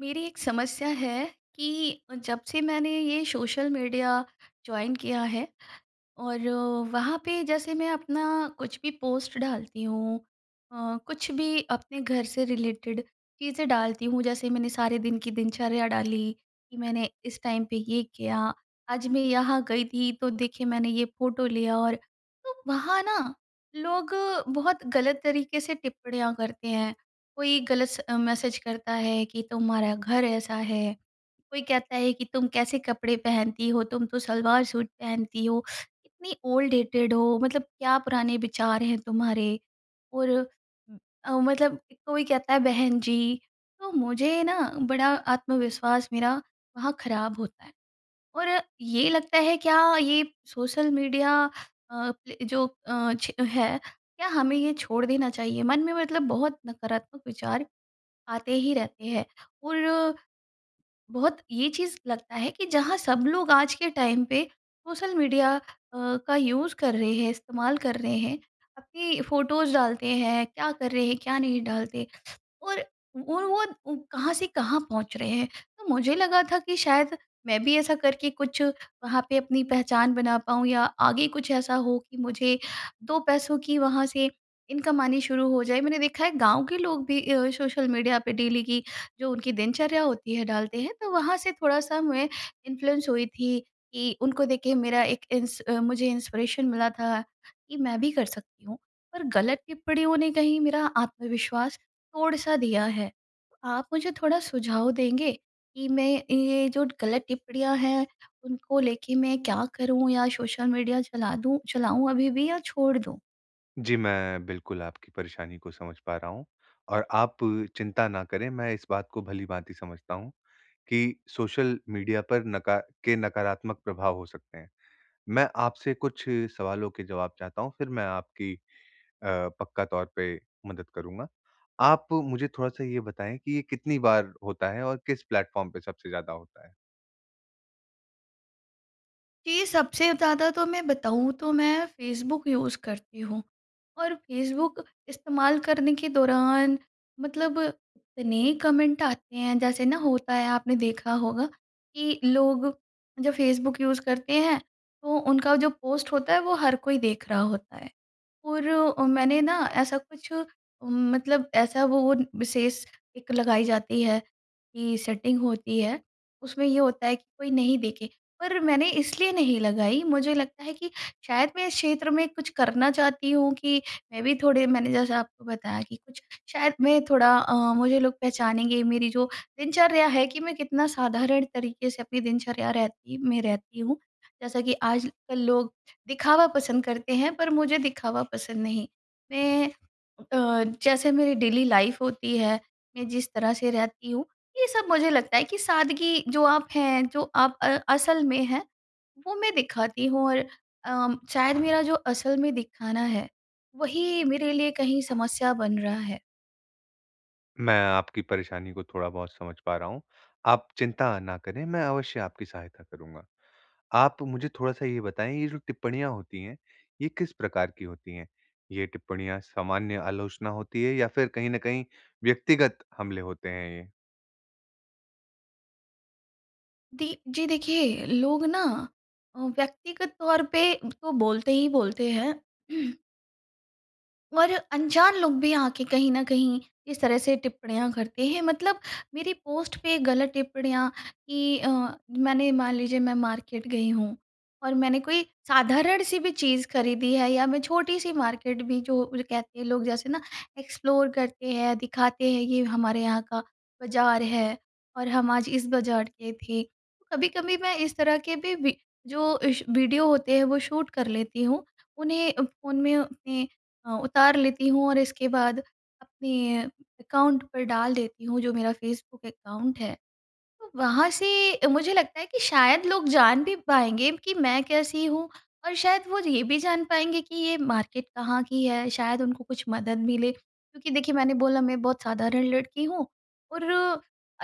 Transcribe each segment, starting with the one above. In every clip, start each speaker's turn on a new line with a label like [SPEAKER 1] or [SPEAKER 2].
[SPEAKER 1] मेरी एक समस्या है, कि जब से मैंने ये सोशल मीडिया जॉइन किया है, और वहाँ पे जैसे मैं अपना कुछ भी पोस्ट डालती हूँ, अ, कुछ भी अपने घर से रिलेटेड चीज़ें डालती हूँ। जैसे मैंने सारे दिन की दिनचर्या डाली, कि मैंने इस टाइम पे ये किया, आज मैं यहाँ गई थी तो देखिए मैंने ये फ़ोटो लिया और तो वहाँ ना लोग बहुत गलत तरीके से टिप्पणियाँ करते हैं। कोई गलत स अ, मैसेज करता है कि, "तुम्हारा घर ऐसा है", कोई कहता है कि, "तुम कैसे कपड़े पहनती हो तुम तो सलवार-सूट पहनती हो, इतनी ओल्ड डेटेड हो, मतलब क्या पुराने विचार हैं तुम्हारे।" और ओ, मतलब कोई कहता है बहन-जी तो मुझे ना बड़ा आत्मविश्वास मेरा वहाँ खराब होता है, और ये लगता है क्या ये सोशल मीडिया अ, जो अ, छ है, क्या हमें ये छोड़ देना चाहिए, मन में मतलब बहुत नकारात्मक विचार आते ही रहते हैं। और बहुत ये चीज़ लगता है कि जहाँ सब लोग आज के टाइम पे, सोशल मीडिया अ, का यूज़ कर रहे हैं इस्तेमाल कर रहे हैं, अपनी फ़ोटोज़ डालते हैं क्या कर रहे हैं, क्या नहीं डालते और वो वो उम, कहाँ से कहाँ पहुँच रहे हैं? तो मुझे लगा था कि शायद मैं भी ऐसा करके कुछ वहाँ पे अपनी पहचान बना पाऊँ या आगे कुछ ऐसा हो कि मुझे 2 पैसों की वहाँ से इनकम आनी शुरू हो जाए। मैंने देखा है गाँव के लोग भी अ, सोशल मीडिया पे डेली की जो उनकी दिनचर्या होती है डालते हैं, तो वहाँ से थोड़ा-सा मैं इन्फ्लुएंस हुई थी कि उनको देख के ही मेरा एक इंस अ, मुझे इंस्पिरेशन मिला था, कि मैं भी कर सकती हूँ, पर गलत टिप्पणियों ने कहीं मेरा आत्मविश्वास तोड़-सा दिया है। आप मुझे थोड़ा सुझाव देंगे कि मैं ए ये जो गलत टिप्पणियाँ हैं उनको लेके मैं क्या करूँ या सोशल मीडिया चला दूँ चलाऊँ अभी भी या छोड़ दूँ?
[SPEAKER 2] जी, मैं बिल्कुल आपकी परेशानी को समझ पा रहा हूँ। और आप चिंता न करें, मैं इस बात को भली-भाँति समझता हूँ, कि सोशल मीडिया पर नका के नकारात्मक प्रभाव हो सकते हैं। मैं आपसे कुछ सवालों के जवाब चाहता हूँ, फिर मैं आपकी अ, पक्का तौर पे मदद करूँगा। आप मुझे थोड़ा-सा ये बताएँ कि ये कितनी बार होता है और किस प्लेटफ़ॉर्म पे सबसे ज़्यादा होता है?
[SPEAKER 1] कि सबसे ज़्यादा तो मैं बताऊँ तो मैं फ़ेसबुक यूज़ करती हूँ। और फ़ेसबुक इस्तेमाल करने के दौरान मतलब इतने कमेंट आते हैं जैसे न होता है आपने देखा होगा, कि लोग जब फ़ेसबुक यूज़ करते हैं तो उनका जो पोस्ट होता है वो हर कोई देख रहा होता है। और अ, मैंने न ऐसा कुछ मतलब ऐसा वो वो विशेष एक लगाई जाती है की सेटिंग होती है, उसमें ये होता है कि कोई नहीं देखे। पर मैंने इसलिए नहीं लगाई मुझे लगता है, कि शायद मैं इस क्षेत्र में कुछ करना चाहती हूँ कि मैं भी थोड़े मैंने जैसा आपको बताया कि कुछ शायद मैं थोड़ा अ, मुझे लोग पहचानेंगे मेरी जो दिनचर्या है कि मैं कितना साधारण तरीके से अपनी दिनचर्या रहती मैं रहती हूँ। जैसा कि आजकल लोग दिखावा पसंद करते हैं, पर मुझे दिखावा पसंद नहीं। मैं अ, जैसे मेरी डेली लाइफ़ होती है, मैं जिस तरह से रहती हूँ, ये सब मुझे लगता है कि सादगी जो आप हैं, जो आप अ असल में हैं वो मैं दिखाती हूँ और अ, शायद मेरा जो असल में दिखाना है, वही मेरे लिए कहीं समस्या बन रहा है।
[SPEAKER 2] मैं आपकी परेशानी को थोड़ा-बहुत समझ पा रहा हूँ। आप चिंता ना करें, मैं अवश्य आपकी सहायता करूँगा। आप मुझे थोड़ा-सा ये बताएँ, ये जो टिप्पणियाँ होती हैं, ये किस प्रकार की होती हैं? ये टिप्पणियाँ सामान्य आलोचना होती है या फिर कहीं न कहीं व्यक्तिगत हमले होते हैं, ये?
[SPEAKER 1] दी जी, देखिए लोग ना अ, व्यक्तिगत तौर पे तो बोलते ही बोलते हैं। और अनजान लोग भी आके कहीं न कहीं इस तरह से टिप्पणियाँ करते हैं, मतलब मेरी पोस्ट पे गलत टिप्पणियाँ की अ, मैंने मान लीजिए मैं मार्केट गई हूँ और मैंने कोई साधारण-सी भी चीज़ खरीदी है या मैं छोटी-सी मार्केट भी जो वो कहते लोग, जैसे ना एक्सप्लोर करते हैं, दिखाते हैं ये हमारे यहाँ का बाज़ार है और हम आज इस बाज़ार के थे। तो कभी-कभी मैं इस तरह के भी वि जो इस वीडियो होते हैं, वो शूट कर लेती हूँ, उन्हें अ, फ़ोन में अपने अ, उतार लेती हूँ और इसके बाद अपने अकाउंट पे डाल देती हूँ, जो मेरा फेसबुक अकाउंट है, तो वहाँ से मुझे लगता है कि शायद लोग जान भी पाएँगे कि मैं कैसी हूँ और शायद वो ये भी जान पाएँगे कि ये मार्केट कहाँ की है। शायद उनको कुछ मदद मिले, क्योंकि देखिए मैंने बोला मैं बहुत साधारण लड़की हूँ और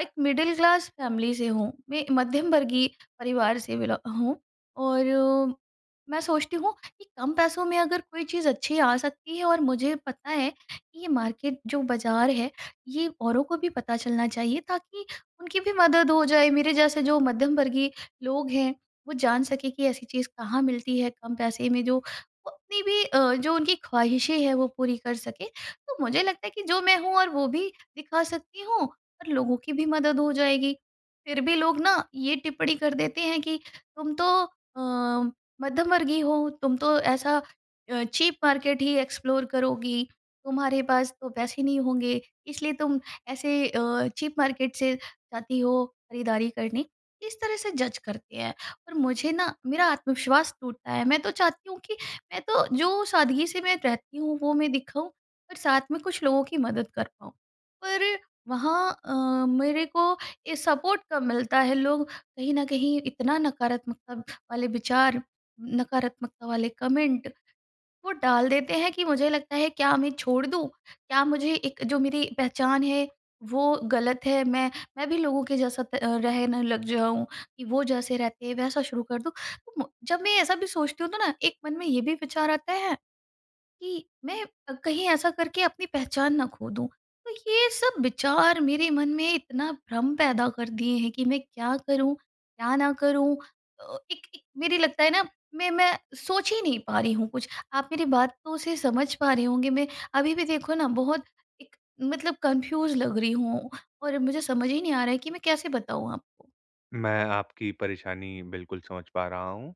[SPEAKER 1] एक मिडिल क्लास फैमिली से हूँ। मैं मध्यम वर्गीय परिवार से बेलो हूँ और मैं सोचती हूँ कि कम पैसों में अगर कोई चीज़ अच्छी आ सकती है और मुझे पता है कि ये मार्केट जो बाज़ार है, ये औरों को भी पता चलना चाहिए, ताकि उनकी भी मदद हो जाए। मेरे जैसे जो मध्यम वर्गीय लोग हैं, वो जान सके कि ऐसी चीज़ कहाँ मिलती है कम पैसे में, जो वो अपनी भी अ, जो उनकी ख़्वाहिशें हैं, वो पूरी कर सके। तो मुझे लगता है कि जो मैं हूँ, वो भी दिखा सकती हूँ और लोगों की भी मदद हो जाएगी। फिर भी लोग ना ये टिप्पणी कर देते हैं कि तुम तो अ, मध्यम वर्गीय हो, तुम तो ऐसा अ, चीप मार्केट ही एक्सप्लोर करोगी, तुम्हारे पास तो पैसे नहीं होंगे, इसलिए तुम ऐसे अ, चीप मार्केट से जाती हो खरीदारी करने। इस तरह से जज करते हैं और मुझे ना मेरा आत्मविश्वास टूटता है। मैं तो चाहती हूँ कि मैं तो जो सादगी से मैं रहती हूँ, वो मैं दिखाऊँ और साथ में कुछ लोगों की मदद कर पाऊँ। पर वहाँ अ, मेरे को ये सपोर्ट कम मिलता है। लोग कहीं न कहीं इतना नकारात्मकता वाले विचार, नकारात्मकता वाले कमेंट वो डाल देते हैं कि मुझे लगता है, क्या मैं छोड़ दूँ? क्या मुझे एक जो मेरी पहचान है, वो गलत है? मैं मैं भी लोगों के जैसा प रहने लग जाऊँ कि वो जैसे रहते हैं, वैसा शुरू कर दूँ। तो म जब मैं ऐसा भी सोचती हूँ, तो ना एक मन में ये भी विचार आता है कि मैं कहीं ऐसा करके अपनी पहचान ना खो दूँ। तो ये सब विचार मेरे मन में इतना भ्रम पैदा कर दिए हैं कि मैं क्या करूँ, क्या ना करूँ? अ, एक एक मेरी लगता है ना मैं मैं सोच ही नहीं पा रही हूँ कुछ। आप मेरी बातों से समझ पा रहे होंगे, मैं अभी भी देखो ना बहुत एक मतलब कन्फ्यूज़ लग रही हूँ और मुझे समझ ही नहीं आ रहा है कि मैं कैसे बताऊँ आपको?
[SPEAKER 2] मैं आपकी परेशानी बिल्कुल समझ पा रहा हूँ।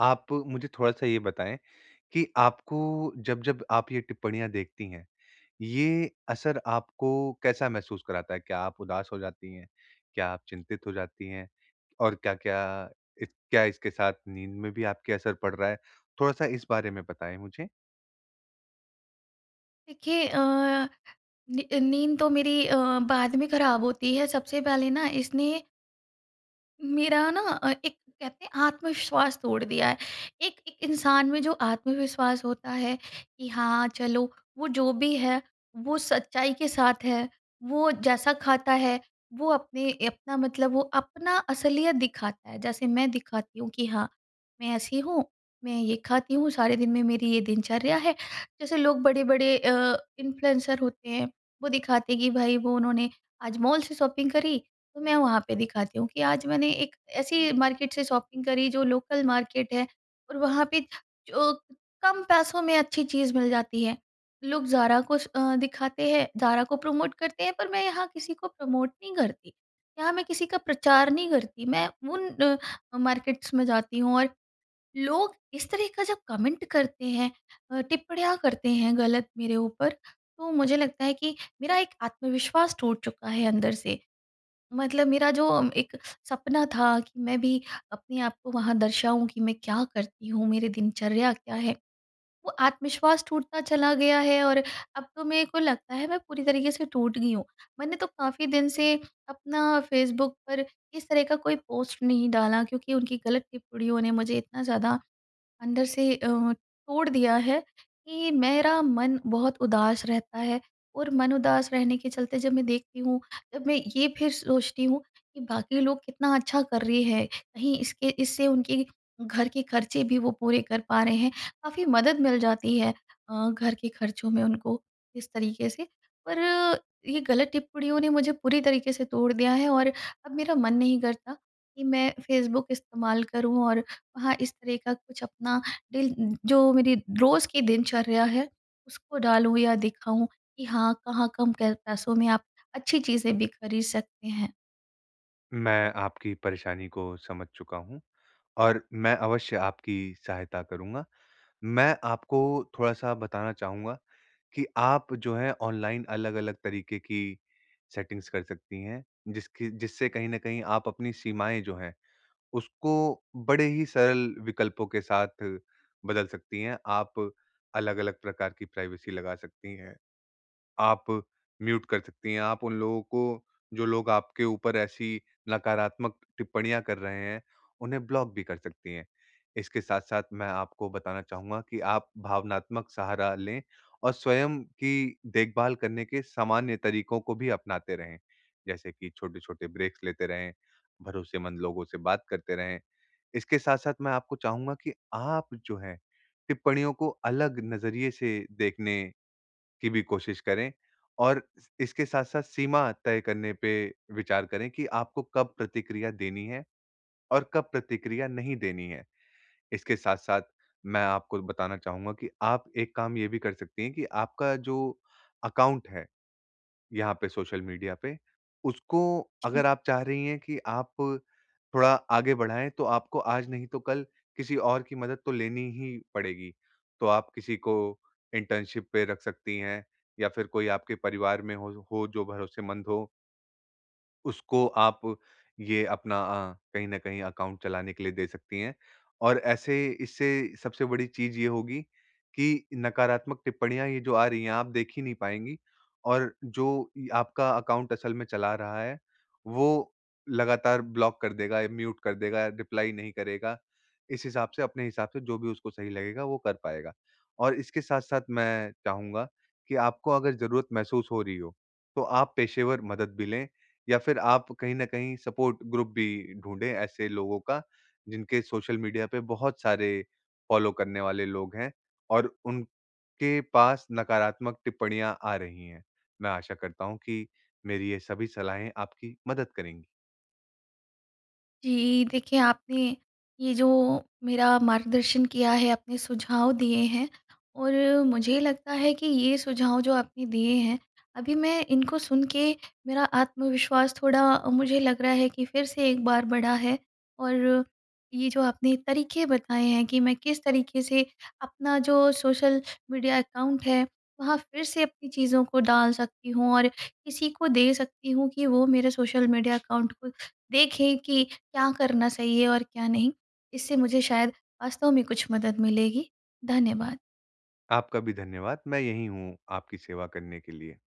[SPEAKER 2] आप मुझे थोड़ा-सा ये बताएँ, कि आपको जब-जब आप ये टिप्पणियाँ देखती हैं, ये असर आपको कैसा महसूस कराता है? क्या आप उदास हो जाती हैं? क्या आप चिंतित हो जाती हैं, और क्या-क्या, क्या इसके साथ नींद में भी आपकी असर पड़ रहा है, थोड़ा-सा इस बारे में बताएँ मुझे?
[SPEAKER 1] देखिए अ, नी नींद तो मेरी अ, बाद में खराब होती है सबसे पहले न इसने मेरा ना अ, एक कहते हैं आत्मविश्वास तोड़ दिया है। एक एक इंसान में जो आत्मविश्वास होता है, कि हाँ चलो, वो जो भी है, वो सच्चाई के साथ है, वो जैसा खाता है, वो अपने अपना मतलब वो अपना असलियत दिखाता है, जैसे मैं दिखाती हूँ कि हाँ, मैं ऐसी हूँ, मैं ये खाती हूँ, सारे दिन में मेरी ये दिनचर्या है। जैसे लोग बड़े-बड़े अ, इन्फ्लुएंसर होते हैं, वो दिखाते हैं कि, भई वो उन्होंने आज मॉल से शॉपिंग करी, तो मैं वहाँ पे दिखाती हूँ कि आज मैंने एक ऐसी मार्केट से शॉपिंग करी जो लोकल मार्केट है और वहाँ पे, जो कम पैसों में अच्छी चीज़ मिल जाती है। लोग ज़ारा को स अ, दिखाते हैं, ज़ारा को प्रमोट करते हैं, पर मैं यहाँ किसी को प्रमोट नहीं करती, यहाँ मैं किसी का प्रचार नहीं करती, मैं उन अ, मार्केट्स में जाती हूँ और लोग इस तरह का जब कमेंट करते हैं अ, टिप्पणियाँ करते हैं, गलत मेरे ऊपर, तो मुझे लगता है कि मेरा एक आत्मविश्वास टूट चुका है अंदर से, मतलब मेरा जो एक सपना था कि मैं भी अपने आप को वहाँ दर्शाऊँ कि मैं क्या करती हूँ, मेरी दिनचर्या क्या है, वो आत्मविश्वास टूटता चला गया है और अब तो मेरे को लगता है मैं पूरी तरीके से टूट गई हूँ। मैंने तो काफ़ी दिन से अपना फेसबुक पर, इस तरह का कोई पोस्ट नहीं डाला क्योंकि उनकी गलत टिप्पणियों ने मुझे इतना ज़्यादा, अंदर से अ, तोड़ दिया है, कि मेरा मन बहुत उदास रहता है और मन उदास रहने के चलते जब मैं देखती हूँ, जब मैं ये फिर सोचती हूँ कि बाकी लोग कितना अच्छा कर रहे हैं, कहीं इसके इससे उनके घर के खर्चे भी वो पूरे कर पा रहे हैं, काफ़ी मदद मिल जाती है अ, घर के खर्चों में उनको, इस तरीके से। पर ये गलत टिप्पणियों ने मुझे पूरी तरीके से तोड़ दिया है और अब मेरा मन नहीं करता, कि मैं फेसबुक इस्तेमाल करूँ और वहाँ इस तरह का कुछ अपना, दिल जो मेरी रोज़ की दिनचर्या है, उसको डालूँ या दिखाऊँ कि, हाँ कहाँ कम क पैसों में आप, अच्छी चीज़ें भी खरीद सकते हैं।
[SPEAKER 2] मैं आपकी परेशानी को समझ चुका हूँ, और मैं अवश्य आपकी सहायता करूँगा। मैं आपको थोड़ा-सा बताना चाहूँगा कि आप जो है ऑनलाइन अलग-अलग तरीके की सेटिंग्स कर सकती हैं, जिसकी जिससे कहीं न कहीं आप अपनी सीमाएँ जो हैं, उसको बड़े ही सरल विकल्पों के साथ बदल सकती हैं। आप अलग-अलग प्रकार की प्राइवेसी लगा सकती हैं। आप म्यूट कर सकती हैं, आप उन लोगों को, जो लोग आपके ऊपर ऐसी नकारात्मक टिप्पणियाँ कर रहे हैं, उन्हें ब्लॉक भी कर सकती हैं। इसके साथ-साथ मैं आपको बताना चाहूँगा कि आप भावनात्मक सहारा लें और स्वयं की देख-भाल करने के सामान्य तरीकों को भी अपनाते रहें। जैसे कि छोटे-छोटे ब्रेक्स लेते रहें, भरोसेमंद लोगों से बात करते रहें। इसके साथ-साथ मैं आपको चाहूँगा कि आप जो है टिप्पणियों को अलग नज़रिए से देखने की भी कोशिश करें और इसके साथ-साथ सीमा तय करने पे विचार करें कि आपको कब प्रतिक्रिया देनी हैं, और कब प्रतिक्रिया नहीं देनी हैं। इसके साथ-साथ मैं आपको बताना चाहूँगा कि आप एक काम ये भी कर सकती हैं कि आपका जो अकाउंट है, यहाँ पे सोशल मीडिया पे। उसको
[SPEAKER 1] जी।
[SPEAKER 2] अगर आप चाह रही हैं कि आप थोड़ा आगे बढ़ाएँ तो आपको आज नहीं तो कल किसी और की मदद तो लेनी ही पड़ेगी। तो आप किसी को इंटर्नशिप पे रख सकती हैं, या फिर कोई आपके परिवार में हो हो जो भरोसेमंद हो। उसको आप ये अपना अ, कहीं न कहीं अकाउंट चलाने के लिए दे सकती हैं। और ऐसे इससे सबसे बड़ी चीज़ ये होगी कि नकारात्मक टिप्पणियाँ ये जो आ रही हैं आप देख ही नहीं पाएँगी। और जो य आपका अकाउंट असल में चला रहा है वो लगातार ब्लॉक कर देगा या म्यूट कर देगा, रिप्लाई नहीं करेगा। इस हिसाब से अपने हिसाब से जो भी उसको सही लगेगा वो कर पाएगा। और इसके साथ-साथ मैं चाहूँगा कि आपको अगर ज़रूरत महसूस हो रही हो, तो आप पेशेवर मदद भी लें या फिर आप कहीं न कहीं सपोर्ट ग्रुप भी ढूँढे ऐसे लोगों का, जिनके सोशल मीडिया पे बहुत सारे फ़ॉलो करने वाले लोग हैं, और उनके पास नकारात्मक टिप्पणियाँ आ रही हैं। मैं आशा करता हूँ कि मेरी ये सभी सलाहें आपकी मदद करेंगी।
[SPEAKER 1] जी। देखिए आपने ये जो मेरा मार्गदर्शन किया है अपने सुझाव दिए हैं, और मुझे लगता है कि ये सुझाव जो आपने दिए हैं, अभी मैं इनको सुन के मेरा आत्मविश्वास थोड़ा मुझे लग रहा है कि फिर से एक बार बढ़ा है। और ये जो आपने तरीके बताए हैं कि मैं किस तरीके से अपना जो सोशल मीडिया अकाउंट है वहाँ फिर से अपनी चीज़ों को डाल सकती हूँ और किसी को दे सकती हूँ कि वो मेरे सोशल मीडिया अकाउंट को देखें कि क्या करना सही है और क्या नहीं, इससे मुझे शायद वास्तव में कुछ मदद मिलेगी। धन्यवाद।
[SPEAKER 2] आपका भी धन्यवाद। मैं यही हूँ आपकी सेवा करने के लिए।